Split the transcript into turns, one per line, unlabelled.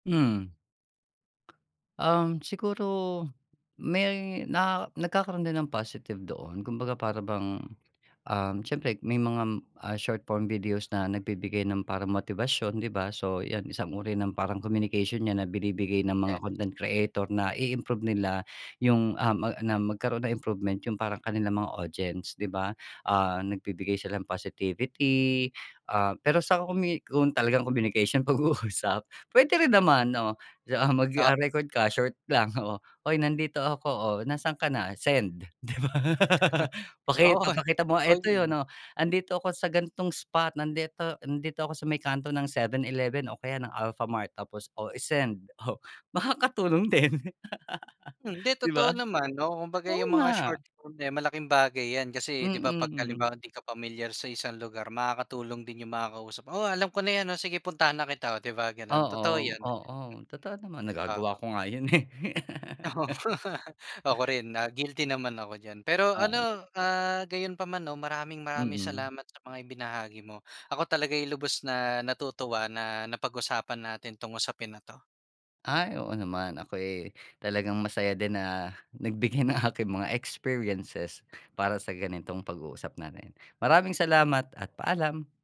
Mm. Um, siguro may na nagkakaroon din ng positive doon. Kumbaga para bang, um, siyempre may mga, ah, short-form videos na nagbibigay ng parang motibasyon, 'di ba? So, 'yan, isang uri ng parang communication 'yan na binibigay ng mga
Yes.
content creator na i-improve nila 'yung, ah, ma na magkaroon ng improvement 'yung parang kanilang mga audience, 'di ba? Ah, nagbibigay sila ng positivity, ah, pero sa commu kung talagang communication, pag-uusap, pwede rin naman. Oh, ah, mag,
Ah.
ah, record ka, short lang. Oh, "Hoy, nandito ako, oh, nasaan ka na?" Send, 'di ba? Paki
Oo,
papakita mo,
totoo,
"'Eto
'yun
'yun,
'no.
oh, 'andito ako sa gan'tong spot. Nandito nandito ako sa may kanto ng 7-Eleven o kaya ng Alfamart." Tapos o i-send. Oh, makatulong din.
Hindi,
'Di
totoo
ba?
naman, oo. Kumbaga,
Oo
'yung mga
nga.
short film, eh, malaking bagay 'yan. Kasi 'di ba, 'pag
Mm.
halimbawa hindi ka pamilyar sa isang lugar, makakatulong din 'yung makakausap. "Oo, alam ko na 'yan. O sige puntahan na kita." Oh, 'di ba ganun?
Oo,
Totoo 'yon.
oo, totoo naman.
Oo.
Nagagawa ko nga 'yun, eh.
Oh. Ako rin, ah, guilty naman ako diyan. Pero
Oo.
ano, ah, gayunpaman 'no, maraming-maraming
Mm.
salamat sa mga ibinahagi mo. Ako talaga ay lubos na natutuwa na napag-usapan natin tungkol 'tong usapin na 'to.
Ay, oo naman. Ako'y talagang masaya din na nagbigay ng aking mga experiences para sa ganitong pag-uusap natin. Maraming salamat at paalam!